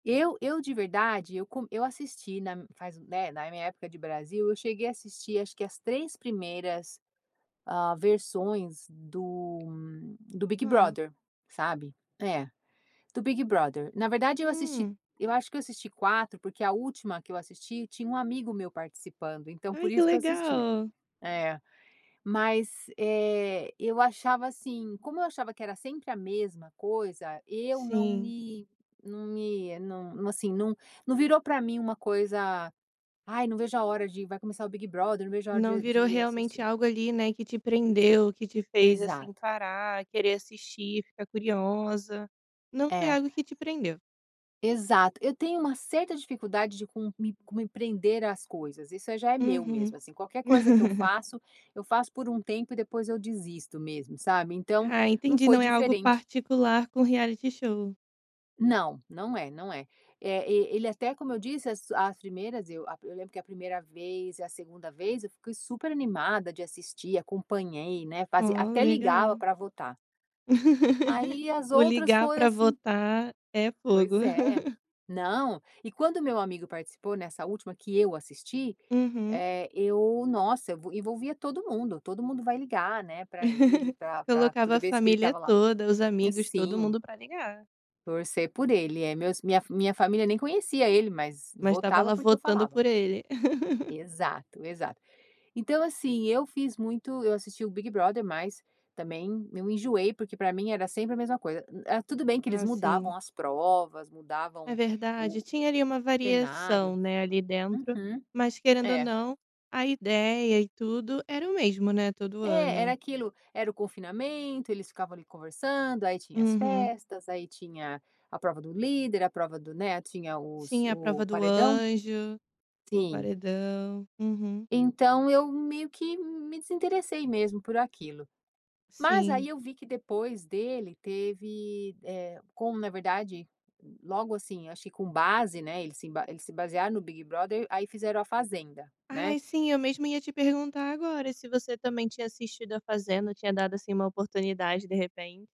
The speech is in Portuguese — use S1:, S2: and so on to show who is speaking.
S1: Eu eu, de verdade, eu co eu assisti na faz né, na minha época de Brasil, eu cheguei a assistir acho que as 3 primeiras, hã, versões do do Big
S2: Hã.
S1: Brother, sabe, é, do Big Brother. Na verdade, eu assisti
S2: Hum.
S1: eu acho que eu assisti 4, porque a última que eu assisti tinha um amigo meu participando, então, por
S2: Ai que
S1: isso, que eu assisti.
S2: legal.
S1: É. Mas, eh, eu achava, assim, como eu achava que era sempre a mesma coisa, eu não
S2: Sim.
S1: me não me não, assim, não num virou para mim uma coisa, "Ai não vejo a hora de, vai começar o Big Brother, não vejo a hora
S2: Não
S1: de de
S2: virou,
S1: ir
S2: realmente,
S1: assistir".
S2: algo, ali, né, que te prendeu, que te fez assim
S1: Exato.
S2: parar, querer assistir, ficar curiosa, não foi
S1: É.
S2: algo que te prendeu.
S1: Exato, eu tenho uma certa dificuldade de co de co me prender as coisas, isso aí já é meu
S2: Uhum.
S1: mesmo, assim, qualquer coisa que eu faço, eu faço por um tempo e depois eu desisto mesmo, sabe, então,
S2: Ah
S1: não
S2: entendi,
S1: foi
S2: não é algo
S1: diferente.
S2: particular com reality show.
S1: Não, não é, não é. É, e ele até como eu disse, as as primeiras eu a eu lembro que a 1º vez e a 2º vez eu fiquei super animada de assistir, acompanhei, né, fazia
S2: Oh,
S1: até ligava
S2: legal.
S1: para votar. Aí as
S2: O
S1: outras
S2: ligar
S1: foi
S2: para
S1: assim
S2: votar, é fogo.
S1: Pois é, não, e quando meu amigo participou, nessa última que eu assisti,
S2: Uhum.
S1: eh, eu nossa, evo envolvia todo mundo, todo mundo vai, ligar, né, para ele pra pra
S2: Colocava a
S1: toda vez que ele
S2: família
S1: estava lá.
S2: toda, os amigos, todo
S1: Sim.
S2: mundo para ligar.
S1: Torcer por ser ele. É, meus minha minha família nem conhecia ele, mas
S2: Mas estava
S1: votava,
S2: lá
S1: porque eu
S2: votando
S1: falava.
S2: por ele.
S1: Exato, exato. Então, assim, eu fiz muito eu assisti o Big Brother, mas também eu enjoei, porque para mim era sempre a mesma coisa. Era tudo bem que eles
S2: Ah,
S1: mudavam
S2: sim.
S1: as provas, mudavam
S2: É verdade.
S1: o o
S2: Tinha ali uma variação,
S1: cenário.
S2: né, ali dentro,
S1: Uhum.
S2: mas, querendo ou
S1: É.
S2: não, a ideia e tudo era o mesmo, né, todo
S1: É, era
S2: ano.
S1: aquilo, era o confinamento, eles ficavam ali conversando, aí tinha as
S2: Uhum.
S1: festas, aí tinha a prova do líder, a prova do, né, tinha os
S2: Sim, a
S1: o
S2: prova do
S1: paredão.
S2: anjo, o
S1: Sim.
S2: paredão. Uhum.
S1: Então, eu meio que me desinteressei mesmo por aquilo. Mas
S2: Sim.
S1: aí eu vi que depois dele teve, eh, como na verdade, logo assim, acho que com base, né, eles se emba eles se basearam no Big Brother, aí fizeram a fazenda, né.
S2: Ai, sim, eu mesmo ia te perguntar agora, se você também tinha assistido a fazenda, tinha dado, assim, uma oportunidade, de repente.